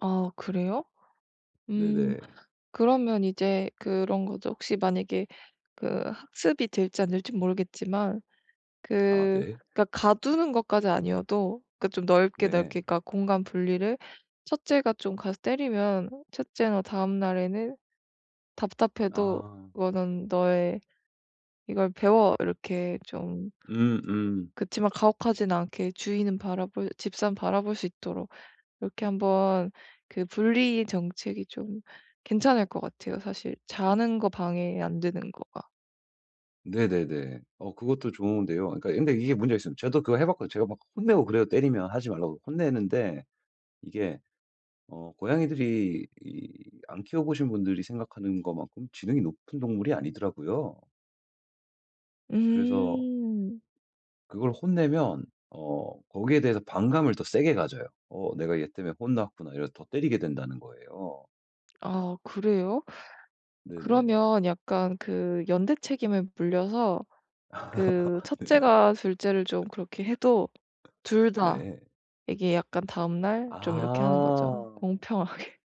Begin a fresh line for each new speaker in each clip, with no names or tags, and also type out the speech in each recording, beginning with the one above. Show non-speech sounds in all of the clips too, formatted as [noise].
아 그래요? 음.
네네.
그러면 이제 그런 거죠. 혹시 만약에 그 학습이 될지 안 될진 모르겠지만
아
그
네.
그러니까 가두는 것까지는 아니어도 그 좀 넓게,
네.
넓게 그러니까 공간분리를 첫째가 좀 가서 때리면 첫째나 다음날에는 답답해도
아.
그거는 "너의 이걸 배워." 이렇게 좀
음음.
그치만 가혹하지는 않게 주인은 바라볼 집사는 바라볼 수 있도록 이렇게 한번 그 분리 정책이 좀 괜찮을 것 같아요. 사실 자는 거 방해 안 되는 거가.
네네네. 어 그것도 좋은데요. 아 그러니까 근데 이게 문제가 있어요. 저도 그거 해 봤고 제가 막 혼내고 그래요. 때리면 하지 말라고 혼내는데 이게 어 고양이들이 이 안 키워보신 분들이 생각하는 것만큼 지능이 높은 동물이 아니더라고요. 그래서
음.
그걸 혼내면 어 거기에 대해서 반감을 더 세게 가져요. 어 내가 얘 때문에 혼났구나 이래서 더 때리게 된다는 거예요.
아 그래요?
네네.
그러면 약간 그 연대 책임을 물려서
아
그
네네.
첫째가 둘째를 좀 그렇게 해도 둘
[laughs]
다
네.
이게 약간 다음날 좀 이렇게 하는 거죠.
아.
공평하게.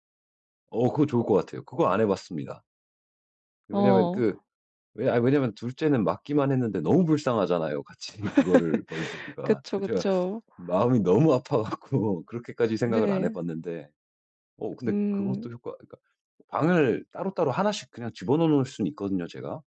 어 그거 좋을 것 같아요. 그거 안 해봤습니다. 왜냐면
어.
그 왜 아 왜냐면 둘째는 맞기만 했는데 너무 불쌍하잖아요, 같이 그거를 벌
[laughs]
주기가.
그쵸,
그 제가
그쵸.
마음이 너무 아파 갖고 그렇게까지 생각을 안
네.
해봤는데 어 근데 그것도
음.
효과 그러니까 방을 따로따로 하나씩 그냥 집어넣어 놓을 순 있거든요 제가.